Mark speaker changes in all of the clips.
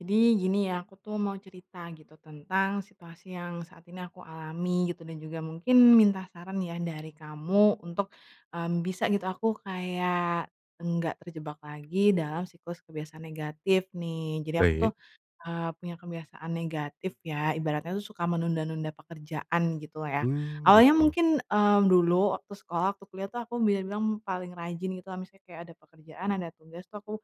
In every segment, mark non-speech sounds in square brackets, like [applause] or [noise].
Speaker 1: Jadi gini ya, aku tuh mau cerita gitu tentang situasi yang saat ini aku alami gitu dan juga mungkin minta saran ya dari kamu untuk, mmm, bisa gitu, aku kayak enggak terjebak lagi dalam siklus kebiasaan negatif nih. Jadi aku tuh,
Speaker 2: Baik.
Speaker 1: eee, punya kebiasaan negatif ya, ibaratnya itu suka menunda-nunda pekerjaan gitu lah ya.
Speaker 2: Mmm,
Speaker 1: Awalnya
Speaker 2: gitu.
Speaker 1: mungkin, eee, dulu waktu sekolah waktu kuliah tuh aku bisa bilang paling rajin gitu lah misalnya kayak ada pekerjaan, ada tugas tuh aku,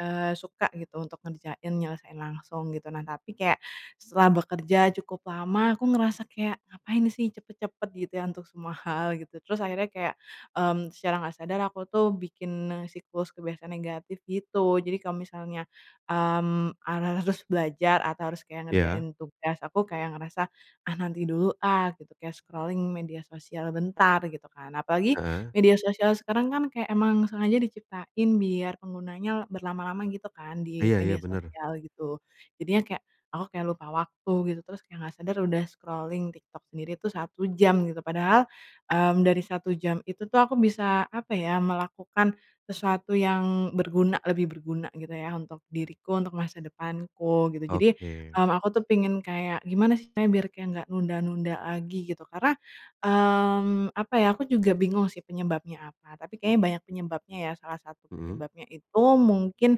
Speaker 1: eee, suka gitu untuk ngerjain nyelesain langsung gitu. Nah tapi kayak, setelah bekerja cukup lama aku ngerasa kayak, "Ngapain sih cepat-cepat gitu ya untuk semua hal gitu." Terus akhirnya kayak, mmm, secara nggak sadar aku tuh bikin siklus kebiasaan negatif gitu. Jadi kalau misalnya, mmm, ha harus belajar atau harus kayak
Speaker 2: Iya.
Speaker 1: ngerjain tugas, aku kayak ngerasa, "Ah nanti dulu ah, gitu" kayak scrolling media sosial bentar, gitu kan. Apalagi,
Speaker 2: Heeh.
Speaker 1: media sosial sekarang kan kayak emang sengaja diciptain biar penggunanya berlama-lama gitu kan, di
Speaker 2: Iya
Speaker 1: media
Speaker 2: iya, benar.
Speaker 1: sosial gitu. Jadinya kayak, aku kayak lupa waktu gitu, terus kayak nggak sadar udah scrolling TikTok sendiri tuh 1 jam, gitu. Padahal, mmm, dari 1 jam itu tuh aku bisa, apa ya, melakukan sesuatu yang berguna lebih berguna gitu ya untuk diriku untuk masa depanku, gitu. Jadi,
Speaker 2: Oke.
Speaker 1: mmm, aku tuh pengen kayak, "Gimana sih caranya biar kayak nggak nunda-nunda lagi, gitu?" Karena, mmm, apa ya, aku juga bingung sih penyebabnya apa, tapi kayaknya banyak penyebabnya ya. Salah satu
Speaker 2: Mhm.
Speaker 1: penyebabnya itu mungkin,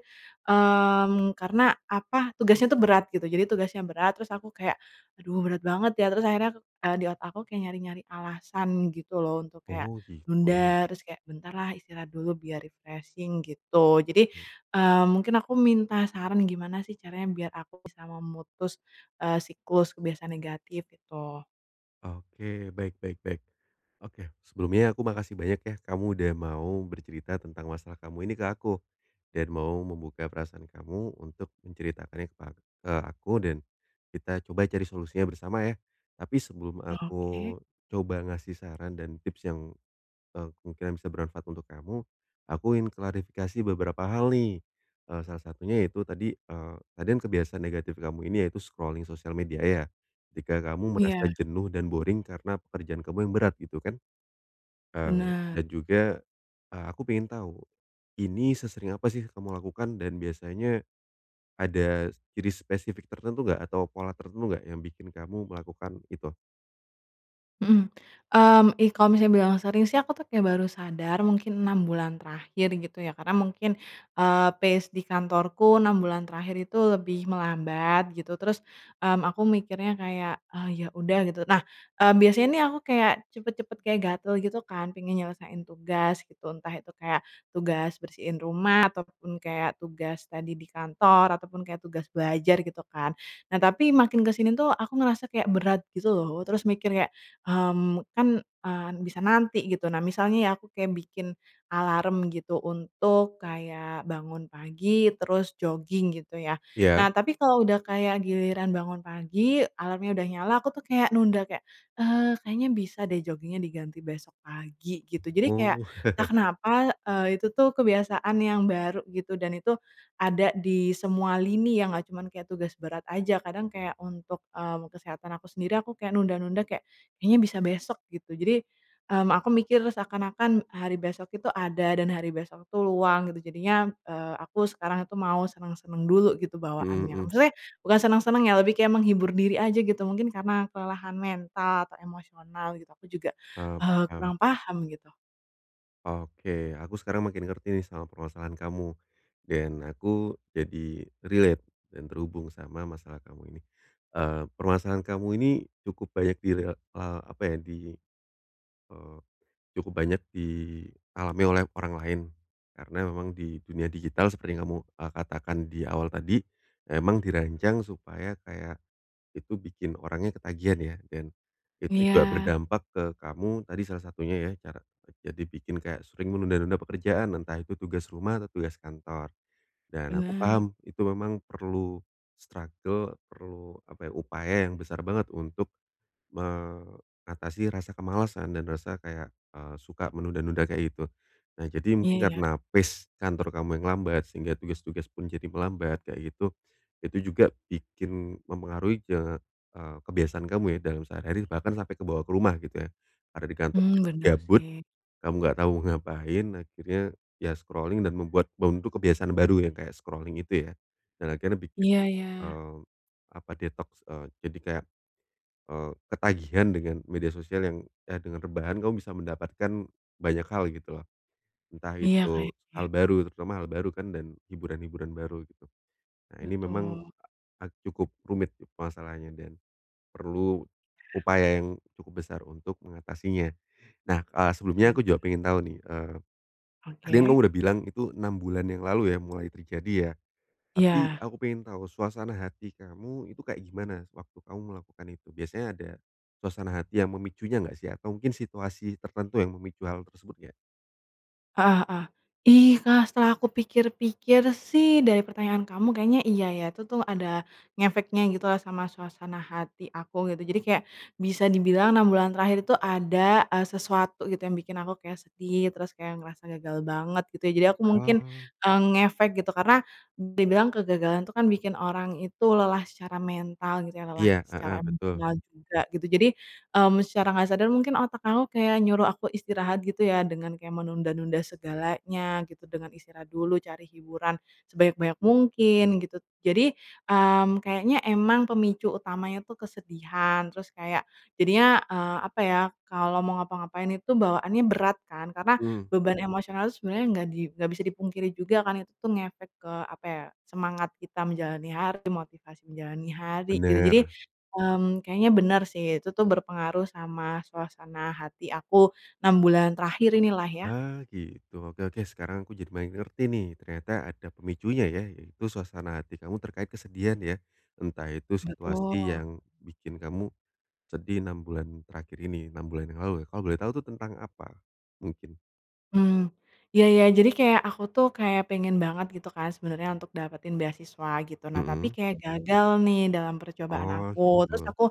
Speaker 1: mmm, karena, apa, tugasnya tuh berat gitu, jadi tugasnya berat terus aku kayak, "Aduh berat banget ya." Terus akhirnya, eee, di otak aku kayak nyari-nyari alasan gitu loh untuk kayak
Speaker 2: Oh, gitu.
Speaker 1: nunda, terus kayak, "Bentar lah istirahat dulu biar refreshing gitu." Jadi,
Speaker 2: Hmm.
Speaker 1: eee, mungkin aku minta saran gimana sih caranya biar aku bisa memutus, eee, siklus kebiasaan negatif, gitu?
Speaker 2: Oke, baik baik baik, oke. Sebelumnya aku makasih banyak ya, kamu sudah mau bercerita tentang masalah kamu ini ke aku dan mau membuka perasaan kamu untuk menceritakannya kepa ke aku dan kita coba cari solusinya bersama ya. Tapi sebelum aku
Speaker 1: Oke.
Speaker 2: coba ngasih saran dan tips yang, eee, kemungkinan bisa bermanfaat untuk kamu, aku ingin klarifikasi beberapa hal nih. Eee, salah satunya ya itu tadi, eee, tadi kan kebiasaan negatif kamu ini yaitu scrolling sosial media ya. Ketika kamu merasa
Speaker 1: Iya.
Speaker 2: jenuh dan boring karena pekerjaan kamu yang berat, gitu kan? Eee,
Speaker 1: Bener.
Speaker 2: dan juga, eee, aku pengen tahu, ini sesering apa sih kamu lakukan dan biasanya ada ciri spesifik tertentu nggak atau pola tertentu nggak yang bikin kamu melakukan itu?
Speaker 1: Mhm, mmm, ih kalau misalnya bilang sering sih, aku tuh kayak baru sadar mungkin 6 bulan terakhir gitu ya. Karena mungkin, eee, phase di kantorku 6 bulan terakhir itu lebih melambat gitu, terus, mmm, aku mikirnya kayak, "Ah ya udah," gitu. Nah, eee, biasanya nih aku kayak cepet-cepet, kayak gatel gitu kan, pengen nyelesain tugas gitu. Entah itu kayak tugas bersihin rumah, ataupun kayak tugas tadi di kantor, ataupun kayak tugas belajar gitu kan. Nah, tapi makin ke sini tuh, aku ngerasa kayak berat gitu loh, terus mikir kayak, mmm, "Kan, eee, bisa nanti," gitu. Nah misalnya ya, aku kayak bikin alarm gitu untuk kayak bangun pagi, terus jogging gitu ya.
Speaker 2: Iya.
Speaker 1: Nah, tapi kalau udah kayak giliran bangun pagi, alarmnya udah nyala, aku tuh kayak nunda kayak, "Eee, kayaknya bisa deh jogging-nya diganti besok pagi," gitu. Jadi kayak,
Speaker 2: Oh.
Speaker 1: entah
Speaker 2: [chuckles]
Speaker 1: kenapa, eee, itu tuh kebiasaan yang baru gitu, dan itu ada di semua lini yang nggak cuman kayak tugas berat aja. Kadang kayak untuk, mmm, kesehatan aku sendiri, aku kayak nunda-nunda kayak, "Kayaknya bisa besok," gitu. Jadi, mmm, aku mikir seakan-akan hari besok itu ada dan hari besok itu luang gitu. Jadinya, eee, aku sekarang itu mau senang-senang dulu gitu
Speaker 2: Hmm,
Speaker 1: bawaannya.
Speaker 2: mhm.
Speaker 1: Maksudnya bukan senang-senang ya, lebih kayak menghibur diri aja gitu, mungkin karena kelelahan mental atau emosional gitu. Aku juga,
Speaker 2: Eee,
Speaker 1: eee,
Speaker 2: paham.
Speaker 1: kurang paham gitu.
Speaker 2: Oke. Aku sekarang makin ngerti nih, sama permasalahan kamu, dan aku jadi relate dan terhubung sama masalah kamu ini. Eee, permasalahan kamu ini cukup banyak di rel eee, apa ya, di, eee, cukup banyak dialami oleh orang lain. Karena memang di dunia digital seperti yang kamu, eee, katakan di awal tadi, ya emang dirancang supaya kayak, itu bikin orangnya ketagihan ya, dan itu juga
Speaker 1: Iya.
Speaker 2: berdampak ke kamu tadi salah satunya ya, cara kerja dibikin kayak sering menunda-nunda pekerjaan, entah itu tugas rumah atau tugas kantor. Dan aku
Speaker 1: Bener.
Speaker 2: paham itu memang perlu struggle, perlu apa ya, upaya yang besar banget untuk mengatasi rasa kemalasan dan rasa kayak, eee, suka menunda-nunda kayak gitu. Nah, jadi mungkin
Speaker 1: Iya ya.
Speaker 2: karena pace kantor kamu yang lambat, sehingga tugas-tugas pun jadi melambat, kayak gitu, itu juga bikin mempengaruhi ke eee, kebiasaan kamu ya, dalam sehari-hari, bahkan sampai kebawa ke rumah gitu ya. Karena di kantor
Speaker 1: Hmm,
Speaker 2: jadi
Speaker 1: bener
Speaker 2: gabut,
Speaker 1: sih.
Speaker 2: kamu nggak tahu mau ngapain, akhirnya ya scrolling dan membuat membentuk kebiasaan baru yang kayak scrolling itu ya, dan akhirnya bikin,
Speaker 1: Iya ya.
Speaker 2: mmm, apa, detoks, eee, jadi kayak, eee, ketagihan dengan media sosial yang eh dengan rebahan kamu bisa mendapatkan banyak hal gitu loh. Entah
Speaker 1: Iya,
Speaker 2: itu hal
Speaker 1: kayaknya.
Speaker 2: baru, terutama hal baru dan hiburan-hiburan baru gitu. Nah, ini memang
Speaker 1: Betul.
Speaker 2: a ag cukup rumit itu permasalahnya dan perlu upaya yang cukup besar untuk mengatasinya. Nah, eee, sebelumnya
Speaker 1: Bener.
Speaker 2: aku juga pengen tahu nih, eee, tadi kamu kan
Speaker 1: Oke.
Speaker 2: udah bilang itu 6 bulan yang lalu ya, mulai terjadi ya? Tapi
Speaker 1: Iya.
Speaker 2: aku pengen tahu suasana hati kamu itu kayak gimana, sewaktu kamu melakukan itu? Biasanya ada suasana hati yang memicunya nggak sih? Atau mungkin situasi tertentu yang memicu hal tersebut nggak?
Speaker 1: Aha, hah. Ih, Kak, setelah aku pikir-pikir sih, dari pertanyaan kamu kayaknya iya ya, itu tuh ada ngefeknya gitu loh sama suasana hati aku, gitu. Jadi kayak bisa dibilang 6 bulan terakhir itu ada, eee, sesuatu gitu yang bikin aku kayak sedih, terus kayak ngerasa gagal banget gitu ya. Jadi aku mungkin,
Speaker 2: Oh.
Speaker 1: eee, ngefek gitu. Karena, dibilang kegagalan itu kan bikin orang itu lelah secara mental gitu ya, lelah
Speaker 2: Iya,
Speaker 1: secara
Speaker 2: heeh, betul.
Speaker 1: emosional juga gitu. Jadi, mmm, secara nggak sadar, mungkin otak aku kayak nyuruh aku istirahat gitu ya dengan kayak menunda-nunda segalanya gitu, dengan istirahat dulu cari hiburan sebanyak-banyak mungkin gitu. Jadi, mmm, kayaknya emang pemicu utamanya tuh kesedihan, terus kayak jadinya, eee, apa ya, kalau mau ngapa-ngapain itu bawaannya berat kan? Karena
Speaker 2: Mmm.
Speaker 1: beban emosional itu sebenarnya nggak di nggak bisa dipungkiri juga kan itu tuh ngefek ke, apa ya, semangat kita menjalani hari, motivasi menjalani hari gitu. Jadi,
Speaker 2: Bener.
Speaker 1: mmm, kayaknya bener sih, itu tuh berpengaruh sama suasana hati aku 6 bulan terakhir inilah ya.
Speaker 2: Ah, gitu. Oke oke, sekarang aku jadi banyak ngerti nih. Ternyata ada pemicunya ya, yaitu suasana hati kamu terkait kesedihan ya. Entah itu situasi
Speaker 1: Betul.
Speaker 2: yang bikin kamu sedih 6 bulan terakhir ini, 6 bulan yang lalu. Kalau boleh tahu itu tentang apa, mungkin?
Speaker 1: Hmm, iya iya, jadi kayak aku tuh kayak pengen banget gitu kan sebenernya untuk dapetin beasiswa gitu, nah tapi
Speaker 2: Mhm.
Speaker 1: kayak gagal nih dalam percobaan
Speaker 2: Oh,
Speaker 1: aku. Terus
Speaker 2: gitu.
Speaker 1: aku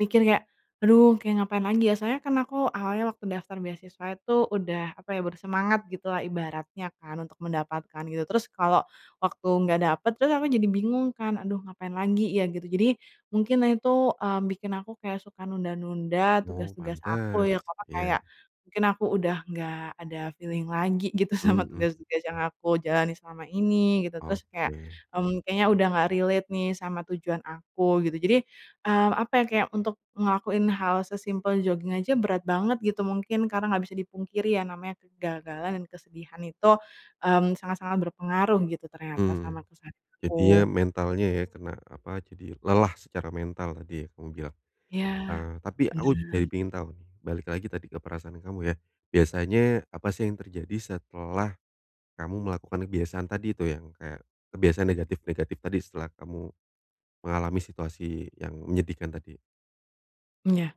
Speaker 1: mikir kayak aduh kayak ngapain lagi ya, soalnya kan aku awalnya waktu daftar beasiswa itu udah, apa ya, bersemangat gitu lah ibaratnya kan untuk mendapatkan, gitu. Terus kalau waktu nggak dapet terus aku jadi bingung kan, aduh ngapain lagi ya, gitu. Jadi mungkin nah itu, eee, bikin aku kayak suka nunda-nunda,
Speaker 2: Oh
Speaker 1: tugas-tugas aku
Speaker 2: pantes,
Speaker 1: yang, apa,
Speaker 2: iya.
Speaker 1: kayak mungkin aku udah nggak ada feeling lagi gitu sama
Speaker 2: Mhm.
Speaker 1: tugas-tugas yang aku jalanin selama ini, gitu. Terus kayak,
Speaker 2: Oke.
Speaker 1: mmm, kayaknya udah nggak relate nih sama tujuan aku, gitu. Jadi, mmm, apa ya, kayak untuk ngelakuin hal sesimpel joging aja berat banget gitu, mungkin karena nggak bisa dipungkiri ya, namanya kegagalan dan kesedihan itu, mmm, sangat-sangat berpengaruh gitu ternyata
Speaker 2: Mmm,
Speaker 1: sama kesehatan
Speaker 2: jadinya
Speaker 1: aku.
Speaker 2: mentalnya ya kena, apa, jadi lelah secara mental tadi ya kamu bilang,
Speaker 1: Iya,
Speaker 2: eee, tapi aku jadi
Speaker 1: bener.
Speaker 2: pingin tahu, balik lagi tadi ke perasaan kamu ya. Biasanya apa sih yang terjadi setelah kamu melakukan kebiasaan tadi itu yang kayak kebiasaan negatif-negatif tadi setelah kamu mengalami situasi yang menyedihkan tadi?
Speaker 1: M ya.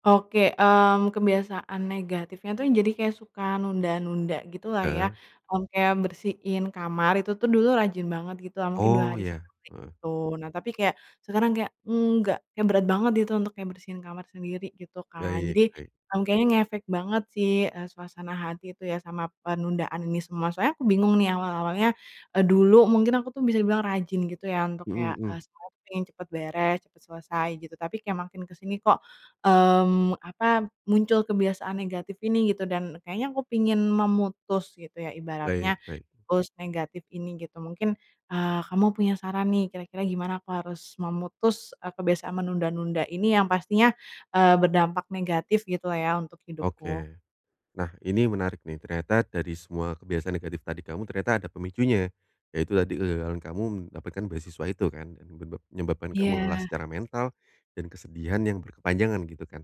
Speaker 1: Oke, mmm, kebiasaan negatifnya tuh, jadi kayak suka nunda-nunda, gitu lah ya.
Speaker 2: Heeh.
Speaker 1: Mmm, kayak bersihin kamar, itu tuh dulu rajin banget, gitu lah, mungkin 2
Speaker 2: Oh,
Speaker 1: hari
Speaker 2: ya.
Speaker 1: sekali,
Speaker 2: Heeh.
Speaker 1: gitu. Nah tapi kayak, sekarang kayak, nggak kayak berat banget gitu, untuk kayak bersihin kamar sendiri, gitu kan.
Speaker 2: Baik
Speaker 1: Jadi,
Speaker 2: baik.
Speaker 1: ng kayaknya ngefek banget sih, eee, suasana hati itu ya, sama penundaan ini semua. Soalnya aku bingung nih awal-awalnya, eee, dulu mungkin aku tuh bisa dibilang rajin gitu ya, untuk
Speaker 2: Mhm
Speaker 1: kayak, eee,
Speaker 2: mhm.
Speaker 1: siapin, cepet beres, cepet selesai, gitu. Tapi kayak makin ke sini kok, mmm, apa, muncul kebiasaan negatif ini, gitu. Dan kayaknya aku pingin memutus, gitu ya,
Speaker 2: Baik
Speaker 1: ibaratnya,
Speaker 2: baik.
Speaker 1: pulse negatif ini, gitu. Mungkin, eee, kamu punya saran nih, kira-kira gimana aku harus memutus e kebiasaan menunda-nunda ini, yang pastinya, eee, berdampak negatif gitu lah ya, untuk hidupku.
Speaker 2: Oke. Nah, ini menarik nih. Ternyata dari semua kebiasaan negatif tadi kamu, ternyata ada pemicunya. Yaitu tadi kegagalan kamu mendapatkan beasiswa itu, kan? Dan nyebab menyebabkan kamu lelah
Speaker 1: Iya.
Speaker 2: secara mental dan kesedihan yang berkepanjangan, gitu kan?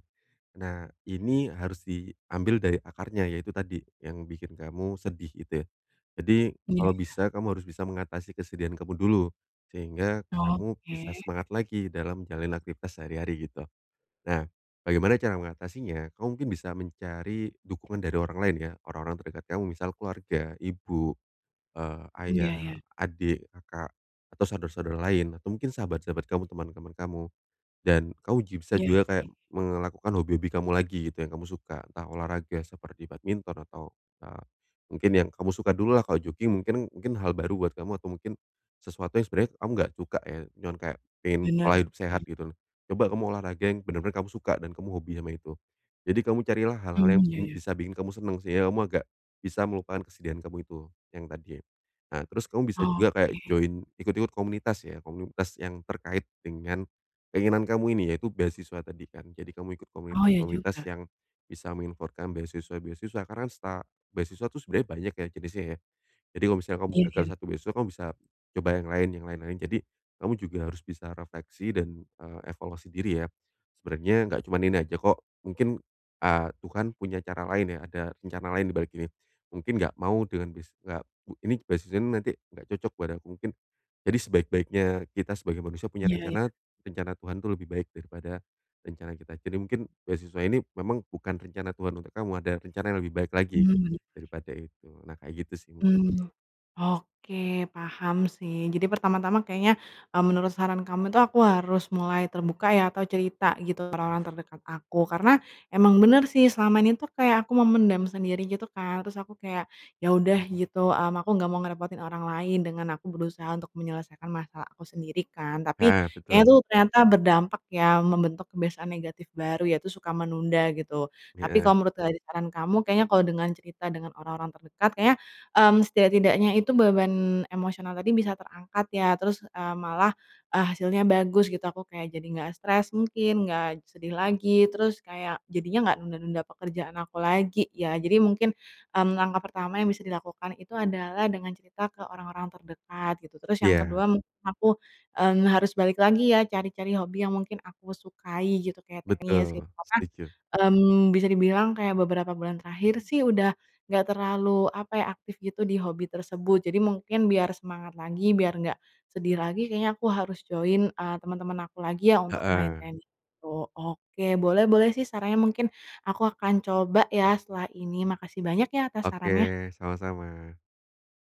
Speaker 2: Nah, ini harus diambil dari akarnya, yaitu tadi, yang bikin kamu sedih, gitu ya. Jadi,
Speaker 1: Iya.
Speaker 2: kalau bisa, kamu harus bisa mengatasi kesedihan kamu dulu, sehingga kamu bisa
Speaker 1: Oke.
Speaker 2: semangat lagi dalam menjalalani aktivitas sehari-hari, gitu. Nah, bagaimana cara mengatasinya? Kamu mungkin bisa mencari dukungan dari orang lain ya. Orang-orang terdekat kamu misal, keluarga, ibu, eee,
Speaker 1: Iya
Speaker 2: ayah,
Speaker 1: iya.
Speaker 2: adik, kakak, atau saudara-saudara lain, atau mungkin sahabat-sahabat kamu, teman-teman kamu. Dan kamu ji bisa
Speaker 1: Iya
Speaker 2: juga kayak
Speaker 1: sih.
Speaker 2: me ngelakukan hobi-hobi kamu lagi, gitu, yang kamu suka. Entah olahraga seperti badminton atau, eee, mungkin yang kamu suka dulu lah. Kalau jogging mungkin mungkin hal baru buat kamu, atau mungkin sesuatu yang sebenarnya kamu nggak cuka ya. Cuman kayak pingin
Speaker 1: Bener
Speaker 2: pola hidup sehat,
Speaker 1: sih.
Speaker 2: gitu lho. Coba kamu olahraga yang bener-bener kamu suka dan kamu hobi sama itu. Jadi kamu carilah hal-hal yang
Speaker 1: Mmm, ya
Speaker 2: m
Speaker 1: ya.
Speaker 2: bisa bikin kamu senang, sih ya. Kamu agak bisa melupakan kesedihan kamu itu, yang tadi ya. Nah, terus kamu bisa juga kayak
Speaker 1: Oke
Speaker 2: join, ikut ikut komunitas ya, komunitas yang terkait dengan keinginan kamu ini, yaitu beasiswa tadi kan? Jadi kamu ikut
Speaker 1: Oh, iya juga.
Speaker 2: komunitas-komunitas yang bisa menginformasikan beasiswa-beasiswa. Karena seta beasiswa itu sebenarnya banyak ya, jenisnya ya. Jadi kalau misalnya kamu
Speaker 1: Iya
Speaker 2: gagal
Speaker 1: iya.
Speaker 2: satu beasiswa, kamu bisa coba yang lain, yang lain-lain. Jadi, kamu juga harus bisa refleksi dan, eee, evaluasi diri ya. Sebenernya nggak cuman ini aja kok. Mungkin, eee, Tuhan punya cara lain ya, ada rencana lain di balik ini. Mungkin nggak mau dengan bis nggak mu ini beasiswanya nih nanti nggak cocok buat aku, mungkin. Jadi, sebaik-baiknya kita sebagai manusia punya
Speaker 1: Iya iya.
Speaker 2: rencana, rencana Tuhan itu lebih baik daripada rencana kita. Jadi, mungkin beasiswa ini memang bukan rencana Tuhan untuk kamu, ada rencana yang lebih baik lagi
Speaker 1: Mhm, bener.
Speaker 2: daripada itu. Nah, kayak gitu sih mungkin.
Speaker 1: Mhm, oke, paham sih. Jadi pertama-tama kayaknya, mmm, menurut saran kamu itu, aku harus mulai terbuka ya, atau cerita, gitu, ke orang-orang terdekat aku. Karena emang bener sih, selama ini tuh kayak aku memendam sendiri, gitu kan, terus aku kayak, ya udah, gitu, mmm, aku nggak mau ngerepotin orang lain dengan aku berusaha untuk menyelesaikan masalah aku sendiri, kan. Tapi,
Speaker 2: Heeh,
Speaker 1: kayaknya
Speaker 2: betul.
Speaker 1: tuh ternyata berdampak ya, membentuk kebiasaan negatif baru, yaitu suka menunda, gitu. Tapi
Speaker 2: Heeh.
Speaker 1: kalau menurut dari saran kamu kayaknya kalau dengan cerita dengan orang-orang terdekat, kayaknya, mmm, setidak-tidaknya itu beban emosional tadi bisa terangkat ya. Terus, eee, malah, eee, hasilnya bagus, gitu. Aku kayak jadi nggak stres mungkin, nggak sedih lagi. Terus kayak, jadinya nggak nunda-nunda pekerjaan aku lagi, ya. Jadi mungkin, mmm, langkah pertama yang bisa dilakukan itu adalah dengan cerita ke orang-orang terdekat, gitu. Terus yang
Speaker 2: Iya.
Speaker 1: kedua mungkin aku, mmm, harus balik lagi ya, cari-cari hobi yang mungkin aku sukai, gitu, kayak tenis, gitu.
Speaker 2: Betul,
Speaker 1: Karena,
Speaker 2: setuju.
Speaker 1: mmm, bisa dibilang kayak beberapa bulan terakhir sih, udah nggak terlalu, apa ya, aktif gitu, di hobi tersebut. Jadi mungkin biar semangat lagi, biar enggak sedih lagi, kayaknya aku harus join, eee, teman-teman aku lagi ya, untuk main
Speaker 2: Heeh.
Speaker 1: tenis itu. Oke, boleh boleh sih sarannya, mungkin aku akan coba ya, setelah ini. Makasih banyak ya, atas sarannya.
Speaker 2: Oke, sama-sama.